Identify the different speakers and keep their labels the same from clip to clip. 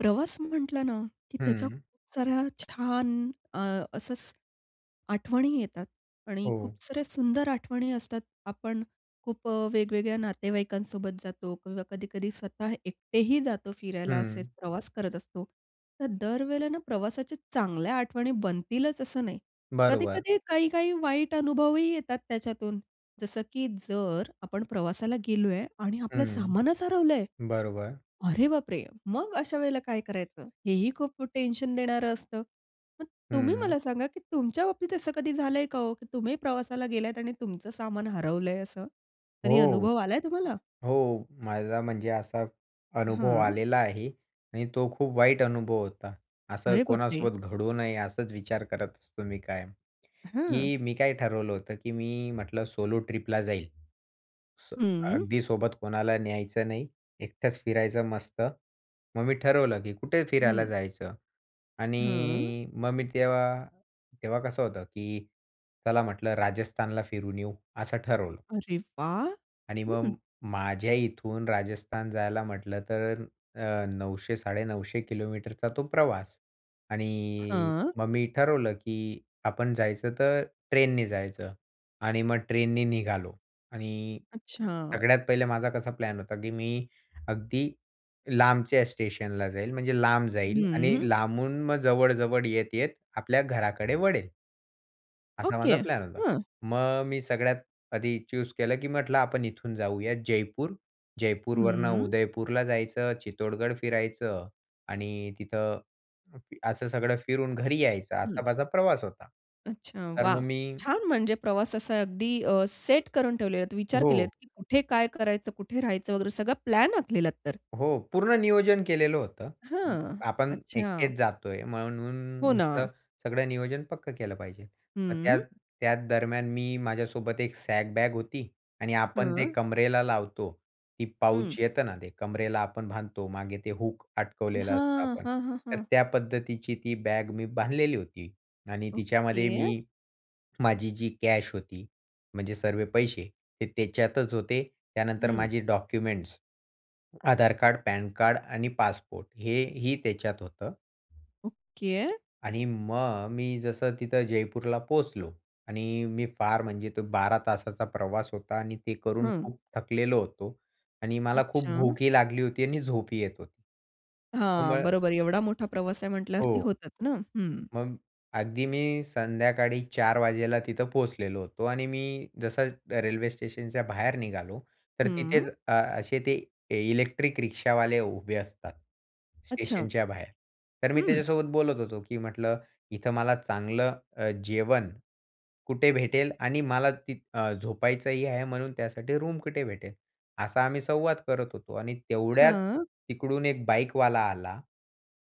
Speaker 1: प्रवास म्हटलं ना, की त्याच्या
Speaker 2: हं.
Speaker 1: खूप साऱ्या छान अ, असचं, आठवणी येतात आणि खूप
Speaker 2: हो.
Speaker 1: साऱ्या सुंदर आठवणी असतात, आपण खूप अ, वेगवेगळ्या नातेवाईकांसोबत जातो किंवा कधी-कधी स्वतः एकटेही जातो फिरायला,
Speaker 2: हं.
Speaker 1: असेचं प्रवास करत असतो. तर दर वेळेला ना प्रवासाच्या चांगल्या आठवणी बनतीलचं असं नाही.
Speaker 2: बरोबर.
Speaker 1: कधी-कधी काही-काही वाईट अनुभवही येतात त्याच्यातून, जसं की जर आपण प्रवासाला गेलो आहे आणि आपलं
Speaker 2: हं.
Speaker 1: सामानचं हरवलं आहे.
Speaker 2: बरोबर.
Speaker 1: अरे बापरे! मग अशा वेळेला काय करायचं? हे ही खूप खूप टेन्शन देणारं असतं. मग तुम्ही
Speaker 2: हं.
Speaker 1: मला सांगा, की तुमच्या बाबतीत असं कधी झालंय का ओ? की तुम्ही प्रवासाला गेलायंत आणि तुमचं सामान हरवलंय असं? कधी
Speaker 2: हो,
Speaker 1: अनुभव आलाय तुम्हाला?
Speaker 2: हो. मला म्हणजे असाचं अनुभव
Speaker 1: हां.
Speaker 2: आलेला आहे आणि तो खूप वाईट अनुभव होता. असं
Speaker 1: अरे बापरे!
Speaker 2: कोणासोबत घडू नये असाच विचार करत असतो मी कायम,
Speaker 1: हं.
Speaker 2: की मी काय ठरवलं होतं, की मी म्हटलं सोलो ट्रिपला जाईल. सो
Speaker 1: हं.
Speaker 2: अगदी सोबत कोणाला न्यायचं नाही, एकटंच फिरायचं मस्त. मग मी ठरवलं, की कुठे फिरायला
Speaker 1: हं.
Speaker 2: जायचं?
Speaker 1: हं.
Speaker 2: आणि मग मी तेव्हा तेव्हा कसं होतं, की चला म्हटलं राजस्थानला फिरून येऊ, असं ठरवलं.
Speaker 1: अरे वाह!
Speaker 2: आणि
Speaker 1: हं.
Speaker 2: मग माझ्या इथून, राजस्थान जायला म्हटलं तर अ, 900-950 किलोमीटरचा तो प्रवास आणि
Speaker 1: हां.
Speaker 2: मग मी ठरवलं, की आपण जायचं तर ट्रेननी जायचं आणि मग ट्रेननी निघालो. आणि
Speaker 1: अच्छा!
Speaker 2: सगळ्यात पहिले माझा कसा प्लॅन होता, की मी अगदी लांबच्या स्टेशनला जाईन. म्हणजे लांब जाईन आणि
Speaker 1: हं.
Speaker 2: लांबून मग जवळ-जवळ येत-येत, आपल्या घराकडे वळेन. असा माझा
Speaker 1: ओके.
Speaker 2: प्लॅन होता.
Speaker 1: हं.
Speaker 2: मग मी सगळ्यात आधी च्यूज केलं, की म्हटलं आपण इथून जाऊयात जयपूर. जयपूरवरून
Speaker 1: हम्म.
Speaker 2: उदयपूरला जायचं, चित्तोडगड फिरायचं आणि तिथं असं सगळं फिरून घरी यायचं
Speaker 1: हं.
Speaker 2: असा माझा प्रवास होता.
Speaker 1: अच्छा,
Speaker 2: तर
Speaker 1: वाह!
Speaker 2: मग मी
Speaker 1: छान म्हणजे प्रवास असा अगदी अ, सेट करून ठेवलेलला, विचार केलेलात
Speaker 2: हो.
Speaker 1: की कुठे काय करायचं? कुठे राहायचं वगैरे? सगळा प्लॅन आखलेलात तर.
Speaker 2: हो. पूर्ण नियोजन केलेलं होतं.
Speaker 1: हां,
Speaker 2: आपण एकटेच
Speaker 1: अच्छा.
Speaker 2: जातोय म्हणून
Speaker 1: हो
Speaker 2: न
Speaker 1: ना.
Speaker 2: म्हटलं, सगळं नियोजन पक्कं केलं पाहिजे. मग त्या
Speaker 1: हम्म.
Speaker 2: त्याच दरम्यान मी माझ्यासोबत एक सॅक बॅग होती आणि आपण ते
Speaker 1: हां.
Speaker 2: कमरेला लावतो ती पाऊच
Speaker 1: हं.
Speaker 2: येतं ना ते, कमरेला आपण बांधतो मागे ते हूक अटकवलेलं असतं
Speaker 1: हां.
Speaker 2: आपण.
Speaker 1: हां, हां,
Speaker 2: तर
Speaker 1: हां.
Speaker 2: त्या पद्धतीची ती बॅग मी बांधलेली होती आणि तिच्यामध्ये
Speaker 1: ओके.
Speaker 2: मी माझी जी कॅश होती म्हणजे सर्व पैसे ते त्याच्यातच होते. त्यानंतर
Speaker 1: हं.
Speaker 2: माझे documents, Aadhaar card, PAN card आणि पासपोर्ट हेही त्याच्यात होतं.
Speaker 1: ओके.
Speaker 2: आणि मग मी जसं तिथं जयपूरला पोहोचलो आणि अ, मी फार म्हणजे तो 12 तासाचा प्रवास होता आणि ते करून
Speaker 1: हं.
Speaker 2: खूप थकलेलो होतो आणि मला खूप
Speaker 1: अच्छा.
Speaker 2: भूकही लागली होती आणि झोपही येत होती.
Speaker 1: हां,
Speaker 2: [unintelligible]
Speaker 1: बरोबर एवढा मोठा प्रवास आहे म्हटल्यावरती
Speaker 2: हो.
Speaker 1: होतच ना. हं.
Speaker 2: मग अगदी मी संध्याकाळी 04:00 वाजेला तिथं पोहोचलेलो होतो आणि मी जसं रेल्वे स्टेशनच्या बाहेर निघालो, तर तिथेच
Speaker 1: हं.
Speaker 2: अ, असे ते ए इलेक्ट्रिक रिक्षावाले उभे असतात
Speaker 1: अच्छा.
Speaker 2: स्टेशनच्या बाहेर. तर मी
Speaker 1: हं.
Speaker 2: त्याच्यासोबत बोलत होतो, की म्हटलं इथं मला चांगलं अ, जेवण कुठे भेटेल आणि मला ति अ, झोपायचंही आहे म्हणून त्यासाठी रूम कुठे भेटेल? असा आम्ही संवाद करत होतो आणि तेवढ्यात
Speaker 1: हां.
Speaker 2: तिकडून एक बाईकवाला आला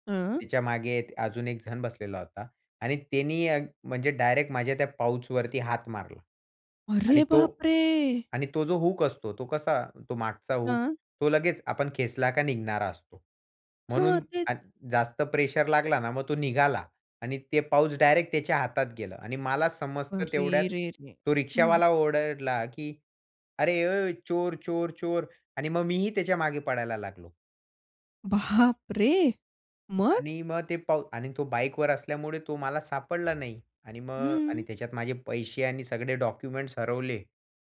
Speaker 1: हं.
Speaker 2: तिच्यामागे अजून एकजण बसलेला होता. आणि त्यांनी अ, म्हणजे डायरेक्ट माझ्या त्या पाउचवरती हात मारला.
Speaker 1: अरे
Speaker 2: आणि तो
Speaker 1: बापरे!
Speaker 2: आणि तो जो हूक असतो तो कसा? तो मागचा हूक,
Speaker 1: हं.
Speaker 2: तो लगेच आपण खेचला का निघणारा असतो.
Speaker 1: हां, हां,
Speaker 2: म्हणून
Speaker 1: तेच.
Speaker 2: अग जास्त प्रेशर लागला ना मग तो निघाला. आणि ते पाउच डायरेक्ट त्याच्या हातात गेलं. आणि मला समजतं तेवढ्यात
Speaker 1: अरे! रे, रे,
Speaker 2: तो
Speaker 1: हं.
Speaker 2: रिक्षावाला ओरडला की, "अरे ओय, चोर! चोर! चोर!" आणि मग मीही त्याच्या मागे पळायला लागलो.
Speaker 1: बापरे! मग?
Speaker 2: आणि मग ते पाउ आणि तो बाईकवर असल्यामुळे तो मला सापडला नाही. आणि मग
Speaker 1: हम्म.
Speaker 2: आणि त्याच्यात माझे पैसे आणि सगळे डॉक्युमेंट्स हरवले.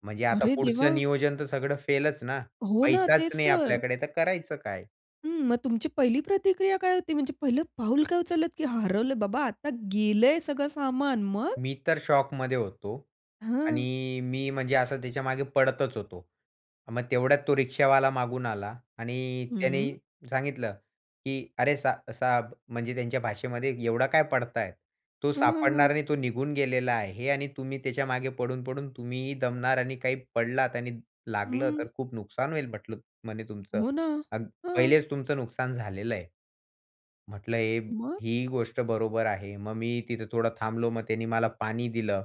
Speaker 2: म्हणजे आता
Speaker 1: अरे,
Speaker 2: पुढचं
Speaker 1: देवा!
Speaker 2: नियोजन तर सगळं फेलच ना.
Speaker 1: हो ना,
Speaker 2: पैसाच
Speaker 1: तेच
Speaker 2: नाही
Speaker 1: तर.
Speaker 2: आपल्याकडे तर करायचं काय?
Speaker 1: हं, मग तुमची पहिली प्रतिक्रिया काय होती? म्हणजे पहिलं पाऊल काय उचलतं की "हरवलं बाबा, आता गेलंय सगळं सामान." मग?
Speaker 2: मी तर शॉकमध्ये होतो.
Speaker 1: हं.
Speaker 2: आणि मी म्हणजे असं त्याच्यामागे पळतच होतो. मग तेवढ्यात तो रिक्षावाला मागून आला आणि त्याने
Speaker 1: हम्म.
Speaker 2: सांगितलं की "अरे, साह साहब." म्हणजे त्यांच्या भाषेमध्ये एवढा काय पळतायेत, तो
Speaker 1: हां, हां,
Speaker 2: सापडणार
Speaker 1: हां.
Speaker 2: नाही, तो निघून गेलेला आहे आणि तुम्ही त्याच्यामागे पळून-पळून, तुम्हीही दमणार आणि काही पडलात आणि लागलं
Speaker 1: हम्म.
Speaker 2: तर खूप नुकसान होईल म्हटलं म्हणे तुमचं
Speaker 1: हो ना.
Speaker 2: आणि
Speaker 1: हं.
Speaker 2: पहिलेच तुमचं नुकसान झालेलं आहे." म्हटलं हे,
Speaker 1: मग?
Speaker 2: हीही गोष्ट बरोबर आहे. मग मी तिथं थोडं थांबलो, मग त्याने मला पाणी दिलं.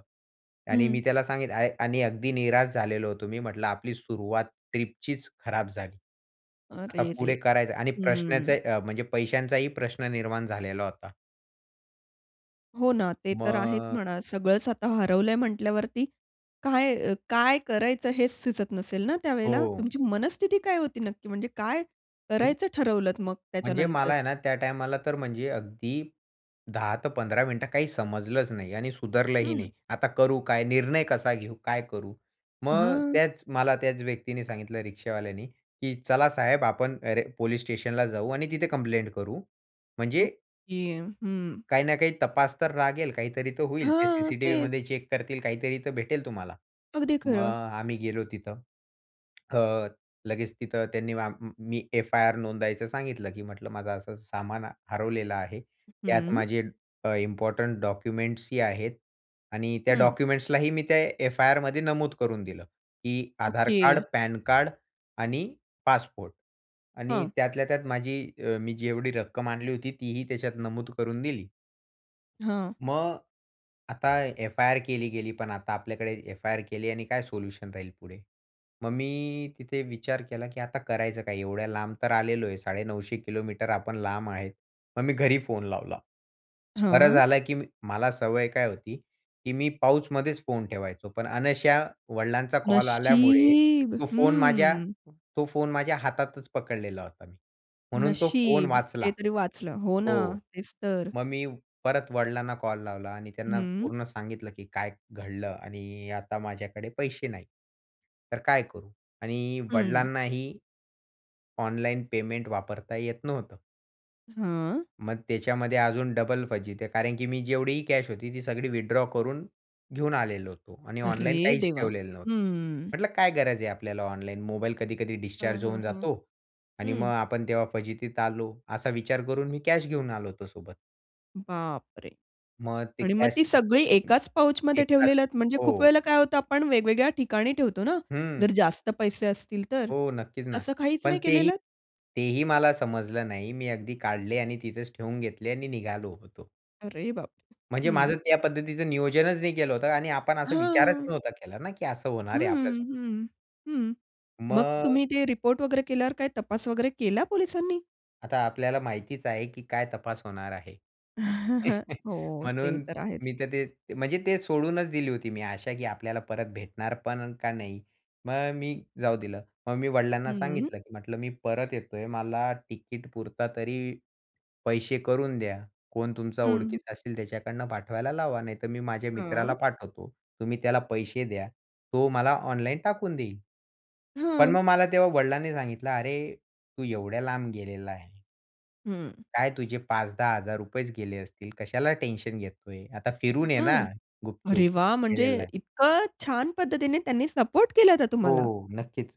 Speaker 2: आणि
Speaker 1: हं.
Speaker 2: मी त्याला सांगितलं अय आणि अगदी निराश झालेलो होतो. मी म्हटलं आपली सुरुवात ट्रिपचीच खराब झाली. आता पुढे
Speaker 1: अरेरे!
Speaker 2: करायच? आणि
Speaker 1: हम्म.
Speaker 2: प्रश्नाचे म्हणजे पैशांचाही प्रश्न निर्माण झालेला होता.
Speaker 1: हो ना, ते तर आहेच
Speaker 2: मग
Speaker 1: म्हणा. सगळंच आता हरवलंय म्हटल्यावरती काय काय अ, करायचं हेच सुचत नसेल ना त्यावेळेला?
Speaker 2: हो.
Speaker 1: तुमची मनस्थिती काय होती नक्की? म्हणजे काय
Speaker 2: म्हणजे
Speaker 1: करायचं ठरवलत मग
Speaker 2: म्हणजे
Speaker 1: त्याच्यानंतर?
Speaker 2: मला आहे ना त्या टायमाला तर म्हणजे अगदी 10-15 मिनिटं काही समजलंच नाही आणि सुधरलंही
Speaker 1: हं.
Speaker 2: नाही. आता करू काय? निर्णय कसा घेऊ? काय करू? मग
Speaker 1: हं.
Speaker 2: त्याच मला त्याच व्यक्तीने सांगितलं रिक्षावाल्याने, की "चला साहेब आपण अरे पोलीस स्टेशनला जाऊ आणि तिथे कंप्लेंट करू. म्हणजे"
Speaker 1: ओके, हं.
Speaker 2: "काही ना काही तपास तर लागेल. काहीतरी तर होईल. ते
Speaker 1: हां, तेच.
Speaker 2: सीसीटीव्हीमध्ये चेक करतील. काहीतरी तर भेटेल तुम्हाला."
Speaker 1: अगदी
Speaker 2: मग अ,
Speaker 1: खरं.
Speaker 2: आम्ही गेलो तिथं. अ, लगेच तिथं त्यांनी आम म मी एफ-आय-आर नोंदायचं सांगितलं, की "म्हटलं माझं असं-असं सामान हरवलेलं आहे.
Speaker 1: अ,
Speaker 2: त्यात
Speaker 1: हं.
Speaker 2: माझे अ, इम्पोर्टंट डॉक्युमेंट्स ही आहेत आणि त्या
Speaker 1: हं.
Speaker 2: डॉक्युमेंट्सलाही मी त्या एफआयआरमध्ये नमूद करून दिलं, की आधार कार्ड,
Speaker 1: ओके.
Speaker 2: पॅनकार्ड आणि पासपोर्ट आणि
Speaker 1: हं.
Speaker 2: त्यातल्या त्यात माझी अ, मी जेवढी रक्कम आणली होती. तीही त्याच्यात नमूद करून दिली.
Speaker 1: हां.
Speaker 2: मग, आता एफआयआर केली गेली, पण आता आपल्याकडे एफआयआर केली आणि काय सोल्युशन राहील पुढे. मग मी तिथे विचार केला, की आता करायचं काय? एवढ्या लांब तर आलेलो आहे, 950 किलोमीटर आपण लांब आहेत. मग मी घरी फोन लावला. बरं
Speaker 1: हां.
Speaker 2: झालं, की मला सवय काय होती, की मी पाऊचमध्येच फोन ठेवायचो. पण अनायासे वडिलांचा कॉल आल्यामुळे
Speaker 1: नशीब!
Speaker 2: तो फोन माझ्या
Speaker 1: हम्म.
Speaker 2: तो फोन माझ्या हातातच पकडलेला होता. म्हणून तो फोन
Speaker 1: नशीब,
Speaker 2: वाचला.
Speaker 1: ते तरी वाचलं. हो ना,
Speaker 2: हो.
Speaker 1: तेच तर.
Speaker 2: मग मी परत वडिलांना कॉल लावला आणि त्यांना
Speaker 1: हं.
Speaker 2: पूर्ण सांगितलं, की काय घडलं आणि अ, आता माझ्याकडे पैसे नाहीत. तर काय करू? आणि
Speaker 1: हं.
Speaker 2: वडिलांनाही ऑनलाईन पेमेंट वापरता येत नव्हतं.
Speaker 1: हां.
Speaker 2: मग त्याच्यामध्ये अजून डबल फजिती कारण की मी जेवढीही कॅश होती, ती सगळी विथड्रॉ करून, घेऊन आलेलो होतो आणि ऑनलाईन
Speaker 1: अरे
Speaker 2: काहीच
Speaker 1: देवा!
Speaker 2: ठेवलेलं नव्हतं.
Speaker 1: हम्म
Speaker 2: म्हंटलं काय गरज आहे आपल्याला ऑनलाईन मोबाईल कधी-कधी
Speaker 1: हां,
Speaker 2: डिस्चार्ज
Speaker 1: हां,
Speaker 2: होऊन
Speaker 1: हां.
Speaker 2: जातो. आणि मग
Speaker 1: हं.
Speaker 2: आपण तेव्हा फजितीत आलो. असा विचार करून मी कॅश घेऊन आलो होतो सोबत.
Speaker 1: बाप रे!
Speaker 2: मग ते
Speaker 1: आणि मग
Speaker 2: कॅश
Speaker 1: ती सगळी
Speaker 2: हं.
Speaker 1: एकाच पाउचमध्ये
Speaker 2: एकाच
Speaker 1: ठेवलेत म्हणजे खूप
Speaker 2: हो.
Speaker 1: वेळेला काय होतं आपण वेगवेगळ्या ठिकाणी ठेवतो ना,
Speaker 2: हं.
Speaker 1: जर जास्त पैसे असतील तर.
Speaker 2: हो, नक्कीच ना.
Speaker 1: तसं काहीच
Speaker 2: पण
Speaker 1: नाही
Speaker 2: तेही
Speaker 1: केलेलं?
Speaker 2: तेही मला समजलं नाही. मी अगदी काढले आणि तिथेच ठेवून घेतले आणि निघालो होतो.
Speaker 1: अरे बापरे!
Speaker 2: म्हणजे
Speaker 1: हं.
Speaker 2: माझं त्या पद्धतीचं नियोजनच नाही केलं होतं आणि आपण असा विचारच
Speaker 1: हां.
Speaker 2: नव्हता केला ना की असं
Speaker 1: हं,
Speaker 2: होणार आहे आपल्या सोबत.
Speaker 1: हं, हं. मग
Speaker 2: मग?
Speaker 1: तुम्ही ते रिपोर्ट वगैरे केल्यावर काय तपास वगैरे केला पोलिसांनी?
Speaker 2: आता आपल्याला माहितीच आहे की काय तपास होणार आहे.
Speaker 1: हो ते
Speaker 2: म्हणून
Speaker 1: तर आहेच.
Speaker 2: मी तर ते, म्हणजे ते सोडूनच दिली होती मी अशा की आपल्याला परत भेटणार पण का नाही? मग मी जाऊ दिलं, मग मी वडिलांना
Speaker 1: हं.
Speaker 2: सांगितलं की म्हटलं, "मी परत येतोय मला तिकीट पुरता तरी पैसे करून द्या. कोण तुमचा
Speaker 1: हं.
Speaker 2: ओळखीचं असेल त्याच्याकडनं पाठवायला लावा नाहीतर मी माझ्या मित्राला
Speaker 1: हां.
Speaker 2: पाठवतो, तुम्ही त्याला पैसे द्या तो मला ऑनलाईन टाकून देईल." पण
Speaker 1: हां.
Speaker 2: मग मला तेव्हा वडिलांनी सांगितलं, "अरे तू एवढ्या लांब गेलेला आहे
Speaker 1: हं.
Speaker 2: काय तुझे ₹5000-10000 चं गेले असतील. कशाला टेन्शन घेतोय? आता फिरून ये ना
Speaker 1: हां. अरे
Speaker 2: गुपचुप."
Speaker 1: वाह! म्हणजे
Speaker 2: गेलेलाय.
Speaker 1: इतकं छान पद्धतीने त्यांनी सपोर्ट केला होता तुम्हाला?
Speaker 2: हो नक्कीच.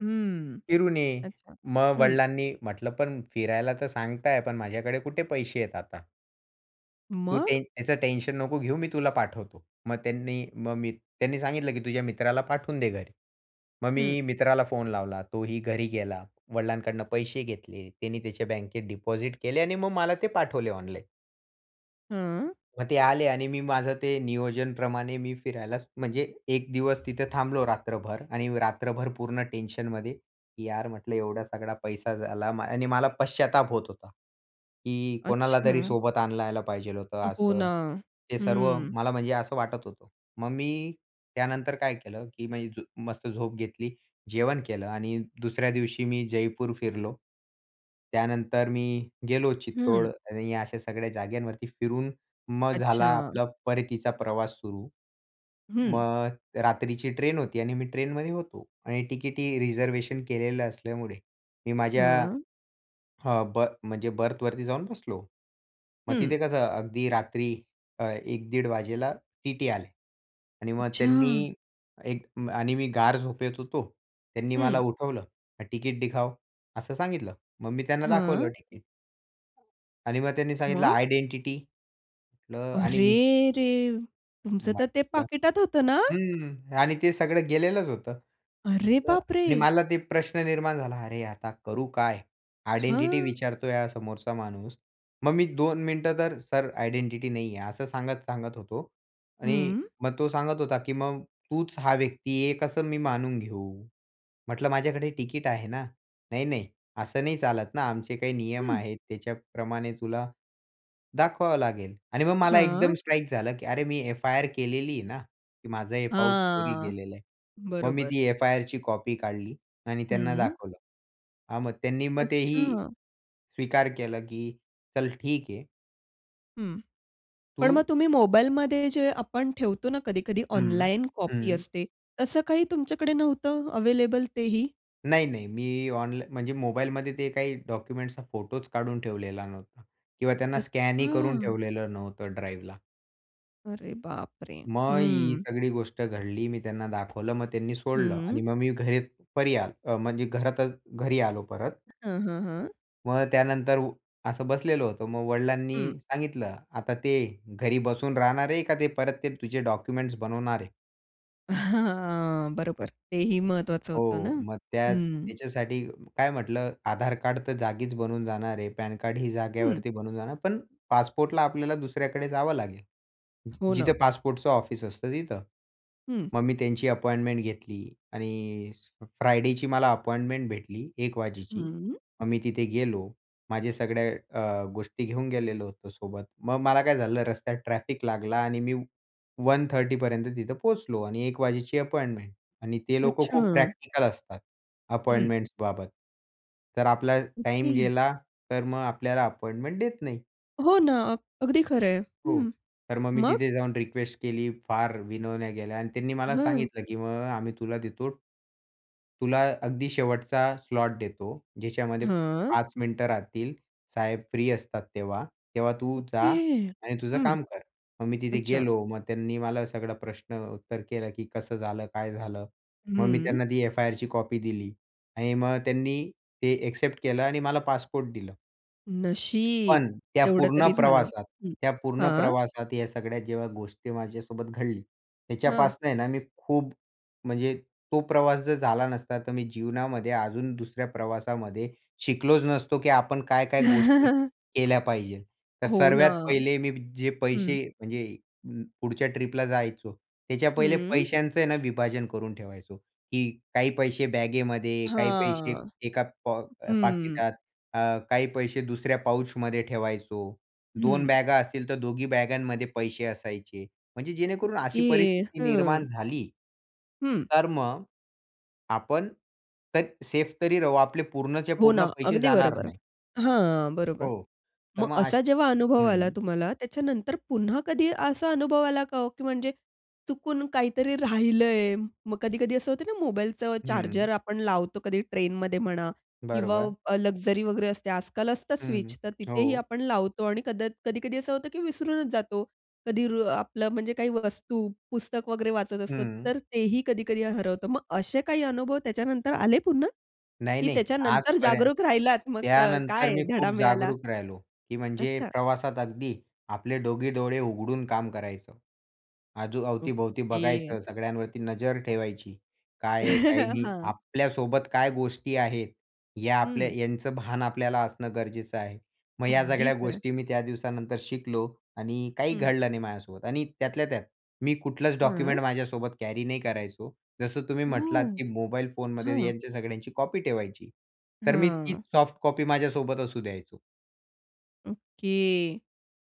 Speaker 1: हं,
Speaker 2: फिरून ये.
Speaker 1: अच्छा
Speaker 2: मग
Speaker 1: हं.
Speaker 2: वडिलांनी म्हंटलं, "पण फिरायला तर सांगताय पण माझ्याकडे कुठे पैसे आहेत आता." "तू ते,
Speaker 1: मग?
Speaker 2: टेन त्याचं टेन्शन नको घेऊ मी तुला पाठवतो." मग त्यांनी, मग मी त्यांनी सांगितलं, "की तुझ्या मित्राला पाठवून दे घरी." मग
Speaker 1: हं.
Speaker 2: मी मित्राला फोन लावला. तोही घरी गेला. वडिलांकडून पैसे घेतले. त्यानी त्याच्या बँकेत डिपॉझिट केले आणि मग मला ते पाठवले ऑनलाईन.
Speaker 1: हं.
Speaker 2: मग ते आले आणि मी माझं ते नियोजनप्रमाणे मी फिरायलाच म्हणजे 1 दिवस तिथे थांबलो रात्रभर आणि रात्रभर पूर्ण टेन्शनमध्ये, की यार म्हटलं एवढा सगळा पैसा झाला आणि मला पश्चाताप होत होता. की कोणालातरी
Speaker 1: अच्छा.
Speaker 2: सोबत आणलं यायला पाहिजेल होतं
Speaker 1: हो ना.
Speaker 2: असं. हे सर्व
Speaker 1: हं.
Speaker 2: मला म्हणजे असं वाटत होतं. मग मी त्यानंतर काय केलं, की म्हणजे मस्त झोप घेतली जेवण केलं आणि दुसऱ्या दिवशी मी जयपूर फिरलो. त्यानंतर मी गेलो चित्तोड
Speaker 1: हं.
Speaker 2: आणि अशा सगळ्या जागांवरती फिरून, मग झाला
Speaker 1: अच्छा.
Speaker 2: आपला परतीचा प्रवास सुरू.
Speaker 1: हं.
Speaker 2: मग रात्रीची ट्रेन होती आणि मी ट्रेनमध्ये होतो आणि तिकीटही रिझर्व्हेशन केलेलं असल्यामुळे मी माझ्या,
Speaker 1: हं.
Speaker 2: हां, बर्थ म्हणजे बर्थवरती जाऊन बसलो. मग
Speaker 1: हं.
Speaker 2: तिथे कसं अगदी रात्री अ, 1 दीड वाजेला टीटी आले. आणि मग त्यांनी
Speaker 1: अच्छा.
Speaker 2: एक आणि मी गाढ झोपेत होतो. त्यांनी मला
Speaker 1: हं.
Speaker 2: उठवलं. तिकिट दिखाओ असं सांगितलं. मग मी त्यांना दाखवलं
Speaker 1: हं.
Speaker 2: तिकीट. आणि मग त्यांनी सांगितलं
Speaker 1: मग?
Speaker 2: आयडेंटिटी म्हटलं आणि मी
Speaker 1: अरेरे! तुमचं तर ते
Speaker 2: म्हटलं
Speaker 1: पाकिटात होतं ना?
Speaker 2: हं. आणि ते सगळं गेलेलंच होतं.
Speaker 1: अरे
Speaker 2: म्हटलं
Speaker 1: बाप
Speaker 2: आणि
Speaker 1: रे!
Speaker 2: मला ते प्रश्न निर्माण झाला. अरे, आता करू काय? आयडेंटिटी
Speaker 1: हां.
Speaker 2: विचारतोय हा समोरचा माणूस. मग मी 2 मिनिटं तर सर आयडेंटिटी नाहीये असं सांगत-सांगत होतो. आणि
Speaker 1: हं.
Speaker 2: मग तो सांगत होता, की मग तूच हा व्यक्ती आहे हे कसं मी मानून घेऊ. म्हटलं माझ्याकडे टिकट आहे ना? नाही, नाही. असं नाही चालत ना आमचे काही नियम
Speaker 1: हं.
Speaker 2: आहेत, त्याच्याप्रमाणे तुला, दाखवावं लागेल. आणि मग मला एकदम
Speaker 1: हां.
Speaker 2: स्ट्राईक झालं की अरे मी F-I-R केलेली आहे ना, की माझं हे पाऊच चोरी
Speaker 1: हां,
Speaker 2: गेलेलं आहे. मग मी
Speaker 1: बरोबर.
Speaker 2: ती F-I-Rची कॉपी काढली आणि त्यांना
Speaker 1: हं.
Speaker 2: दाखवलं. मग त्यांनी मग तेही
Speaker 1: अच्छा.
Speaker 2: स्वीकार केला, की चल ठीक आहे.
Speaker 1: हं. पण
Speaker 2: तू
Speaker 1: मग तुम्ही मोबाईलमध्ये जे आपण ठेवतो ना कधी-कधी
Speaker 2: हं,
Speaker 1: ऑनलाईन कॉपी
Speaker 2: हं.
Speaker 1: असते, तसं काही तुमच्याकडे नव्हतं अवेलेबल तेही?
Speaker 2: नाही, नाही. मी ऑनला म्हणजे मोबाईलमध्ये ते काही डॉक्युमेंट्सचा फोटोच काढून ठेवलेला नव्हता किंवा त्यांना स्कॅनही करून
Speaker 1: अच्छा.
Speaker 2: ठेवलेलं नव्हतं ड्राईव्हला.
Speaker 1: अरे बापरे!
Speaker 2: मग ही
Speaker 1: हं.
Speaker 2: सगळी गोष्ट घडली. मी त्यांना दाखवलं. मग त्यांनी सोडलं. आणि
Speaker 1: हं.
Speaker 2: मग मी घरी परी आलो म्हणजे घरातच घरी आलो परत.
Speaker 1: हं, हं, हं.
Speaker 2: मग त्यानंतर असं बसलेलं होतो. मग वडिलांनी
Speaker 1: हं.
Speaker 2: सांगितलं, "आता ते घरी बसून राहणार आहे का ते परत ते तुझे डॉक्युमेंट्सबनवणार आहे?"
Speaker 1: हां बरोबर तेही महत्वाचं होतं ना
Speaker 2: हो मग त्या
Speaker 1: हं.
Speaker 2: त्याच्यासाठी काय म्हटलं आधार कार्ड तर जागीच बनवून जाणार आहे. पॅनकार्ड ही
Speaker 1: हं.
Speaker 2: जागेवरती बनवून जाणार पण, पासपोर्टला आपल्याला दुसऱ्याकडे जावं लागेल.
Speaker 1: हो
Speaker 2: जिथे
Speaker 1: ना.
Speaker 2: पासपोर्टचं ऑफिस असतं तिथं.
Speaker 1: हं.
Speaker 2: मग मी त्यांची अपॉइंटमेंट घेतली आणि फ्रायडेची मला अपॉइंटमेंट भेटली 1 वाजेची.
Speaker 1: हं.
Speaker 2: मग मी तिथे गेलो माझ्या सगळ्या अ, गोष्टी घेऊन गेलेलो होतो सोबत, मग मला काय झालं रस्त्यात ट्रॅफिक लागला आणि मी 1:30 पर्यंत तिथं पोहोचलो आणि 1 वाजेची अपॉइंटमेंट आणि ते लोकं खूप
Speaker 1: अच्छा.
Speaker 2: प्रॅक्टिकल असतात
Speaker 1: हं.
Speaker 2: अपॉइंटमेंट्स बाबत. तर आपला टाईम
Speaker 1: ओके.
Speaker 2: गेला तर मग आपल्याला अपॉइंटमेंट देत नाही.
Speaker 1: हो ना अगदी खरंय
Speaker 2: हो
Speaker 1: हं.
Speaker 2: तर मग मी
Speaker 1: मग?
Speaker 2: तिथे जाऊन रिक्वेस्ट केली, फार विनवण्या केल्या आणि त्यांनी मला
Speaker 1: हं.
Speaker 2: सांगितलं, "की मग आम्ही तुला देतो तुला अगदी शेवटचा स्लॉट देतो." ज्याच्यामध्ये
Speaker 1: हं.
Speaker 2: 5 मिनिटं राहतील साहेब फ्री असतात तेव्हा. तेव्हा तू जा
Speaker 1: ओके.
Speaker 2: आणि तुझं
Speaker 1: हं.
Speaker 2: काम कर." मग मी तिथे
Speaker 1: अच्छा.
Speaker 2: गेलो. मग त्यांनी मला सगळं प्रश्न उत्तर केलं, "की कसं झालं? काय झालं?" मग मी
Speaker 1: हं.
Speaker 2: त्यांना ती एफ-आय-आरची कॉपी दिली. आणि मग त्यांनी ते एक्सेप्ट केलं आणि मला पासपोर्ट दिलं.
Speaker 1: नशीब.
Speaker 2: पण, त्या
Speaker 1: तेवढं
Speaker 2: पूर्ण
Speaker 1: तरी झालं
Speaker 2: प्रवासात.
Speaker 1: हं.
Speaker 2: त्या पूर्ण
Speaker 1: हां.
Speaker 2: प्रवासात या सगळ्या जेव्हा गोष्टी माझ्यासोबत घडली.
Speaker 1: हं.
Speaker 2: ह्याच्यापासून आहे ना मी खूप, म्हणजे तो प्रवास जर झाला नसता तर मी जीवनामध्ये अजून दुसऱ्या प्रवासामध्ये, शिकलोच नसतो, की आपण काय, काय गोष्टी, केल्या पाहिजे. तर
Speaker 1: हो ना.
Speaker 2: सर्वात पहिले मी जे
Speaker 1: हं.
Speaker 2: पैसे म्हणजे, अ, पुढच्या ट्रिपला जायचो, त्याच्या पहिले
Speaker 1: हम्म.
Speaker 2: पैशांच आहे ना विभाजन करून ठेवायचो. की काही पैसे बॅगेमध्ये काही पैसे
Speaker 1: हां.
Speaker 2: एका पॉक
Speaker 1: हम्म.
Speaker 2: पाकिटात, अ, काही पैसे दुसऱ्या पाऊचमध्ये ठेवायचो. दोन
Speaker 1: हं.
Speaker 2: बॅगा असतील तर दोघी बॅगांमध्ये पैसे असायचे. म्हणजे जेणेकरून अशी
Speaker 1: ओके.
Speaker 2: परिस्थिती निर्माण
Speaker 1: हं.
Speaker 2: झाली.
Speaker 1: हं.
Speaker 2: तर मग. आपण तर सेफ तरी राहू. आपले पूर्णच्या
Speaker 1: हो ना,
Speaker 2: पूर्ण पैसे
Speaker 1: अगदी
Speaker 2: जाणार
Speaker 1: बरोबर
Speaker 2: नाही.
Speaker 1: हां, बरोबर.
Speaker 2: हो. तर
Speaker 1: मग
Speaker 2: मग
Speaker 1: असा
Speaker 2: अश
Speaker 1: जेव्हा अनुभव आला
Speaker 2: हं.
Speaker 1: तुम्हाला त्याच्यानंतर पुन्हा कधी असा अनुभव आला का हो? की म्हणजे, चुकून काहीतरी राहिलंय मग, कधी कधी असं होते ना मोबाईलचं चार्जर
Speaker 2: हं.
Speaker 1: आपण लावतो कधी ट्रेनमध्ये म्हणा. किंवा
Speaker 2: बरोबर.
Speaker 1: लक्झरी, वगैरे असते आजकाल असतं
Speaker 2: हं,
Speaker 1: स्विच. तर तिथेही
Speaker 2: हो.
Speaker 1: आपण लावतो आणि कदा कधी-कधी असं होते, की विसरूनचं जातो. कधी रु आपलं म्हणजे काही वस्तू, पुस्तक वगैरे वाचत असतो.
Speaker 2: हं.
Speaker 1: तर तेही कधी-कधी हरवतं. मग असे काही अनुभव त्याच्यानंतर आले पुन्हा?
Speaker 2: नाही,
Speaker 1: की
Speaker 2: नाही.
Speaker 1: त्याच्यानंतर
Speaker 2: आजपर्यंत
Speaker 1: जागरूक राहिलात, मग क
Speaker 2: त्यानंतर
Speaker 1: काय
Speaker 2: मी
Speaker 1: धडा
Speaker 2: खूप
Speaker 1: मिळाला?
Speaker 2: जागरूक राहिलो. की म्हणजे
Speaker 1: अच्छा.
Speaker 2: प्रवासात अगदी, आपले दोघी डोळे उघडून काम करायचो. अजून, अवती-भोवती
Speaker 1: ओके.
Speaker 2: बघायचं. सगळ्यांवरती नजर ठेवायची. काय आहे काय नाही.
Speaker 1: हां.
Speaker 2: आपल्यासोबत काय गोष्टी आहेत. या आपल्या
Speaker 1: हं.
Speaker 2: ह्यांचं भान आपल्याला असणं गरजेचं आहे. मग या
Speaker 1: अगदी
Speaker 2: सगळ्या
Speaker 1: खरं.
Speaker 2: गोष्टी मी त्या दिवसानंतर शिकलो. आणि काही
Speaker 1: हं.
Speaker 2: घडलं नाही माझ्यासोबत आणि त्यातल्या त्यात मी कुठलंच डॉक्युमेंट
Speaker 1: हं.
Speaker 2: माझ्यासोबत कॅरी नाही करायचो. जसं तुम्ही म्हटलात,
Speaker 1: ओह!
Speaker 2: की मोबाईल फोनमध्ये
Speaker 1: हां.
Speaker 2: यांच्या सगळ्यांची कॉपी ठेवायची. तर मी तीच
Speaker 1: हं.
Speaker 2: सॉफ्ट कॉपी माझ्यासोबत असू द्यायचो.
Speaker 1: ओके,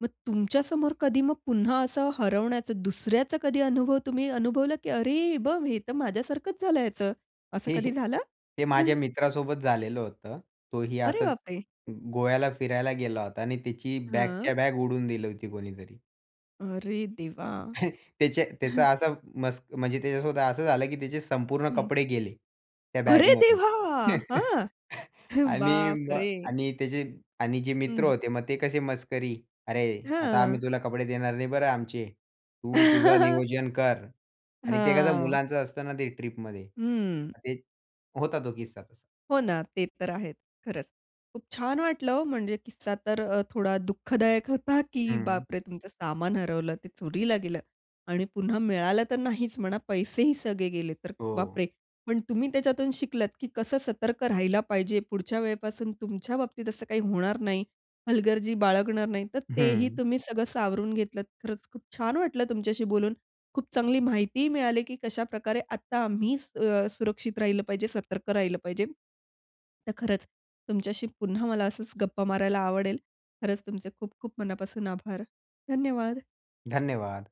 Speaker 1: मग तुमच्यासमोर कधी मग पुन्हा असं हरवण्याचं दुसऱ्याचं कधी अनुभव तुम्ही अनुभवलं, की "अरे हे बघ! हे तर माझ्यासारखंच झाल ह्याच." असं
Speaker 2: हे,
Speaker 1: कधी
Speaker 2: हे,
Speaker 1: झालं?
Speaker 2: ते माझ्या मित्रासोबत झालेलं होतं. तोही
Speaker 1: अरे
Speaker 2: असंच
Speaker 1: बापरे!
Speaker 2: ग गोव्याला फिरायला गेला होता आणि त्याची बॅगच्या
Speaker 1: हं.
Speaker 2: बॅग उडवून दिली होती कोणीतरी.
Speaker 1: अरे देवा!
Speaker 2: त्याच्या त्याचा असा मस्क म्हणजे त्याच्यासोबत असं झालं की त्याचे संपूर्ण
Speaker 1: हं.
Speaker 2: कपडे गेले, त्या
Speaker 1: अरे
Speaker 2: बॅगमध्ये
Speaker 1: देवा! हां,
Speaker 2: आणि मग
Speaker 1: बापरे!
Speaker 2: आणि त्याचे आणि जे मित्र
Speaker 1: हं.
Speaker 2: होते मग ते कसे मस्करी, "अरे! आता
Speaker 1: हां.
Speaker 2: आम्ही तुला कपडे देणार नाही बरं आमचे, तू तुझं नियोजन कर" आणि ते कसं
Speaker 1: हां.
Speaker 2: मुलांचं असतं ना ते ट्रिपमध्ये
Speaker 1: हं.
Speaker 2: मग ते होता तो किस्सा तसा.
Speaker 1: हो ना, ते तर आहेच. खरंच खूप छान वाटलं हो म्हणजे किस्सा तर थोडा अ, दुःखदायक होता, की
Speaker 2: हं.
Speaker 1: बापरे! तुमचं सामान हरवलं ते चोरीला गेलं आणि पुन्हा मिळालं तर नाहीचं म्हणा पैसेही सगळे गेले तर
Speaker 2: हो.
Speaker 1: बापरे! पण तुम्ही त्याच्यातून शिकलात, की कसं सतर्क राहायला पाहिजे पुढच्या वेळेपासून तुमच्या बाबतीत असं काही होणार नाही, हलगर्जी बाळगणार नाही तर तेही
Speaker 2: हं.
Speaker 1: तुम्ही सगळं सावरून घेतलत. खरंच खूप छान वाटलं तुमच्याशी बोलून, खूप चांगली माहितीही मिळाली, की कशाप्रकारे आता आम्ही स अ, सुरक्षित राहिलं पाहिजे, सतर्क राहिलं पाहिजे. तर खरंच तुमच्याशी पुन्हा मला असचं गप्पा मारायला आवडेल. खरंच तुमचे खूप-खूप मनापासून आभार, धन्यवाद!
Speaker 2: धन्यवाद.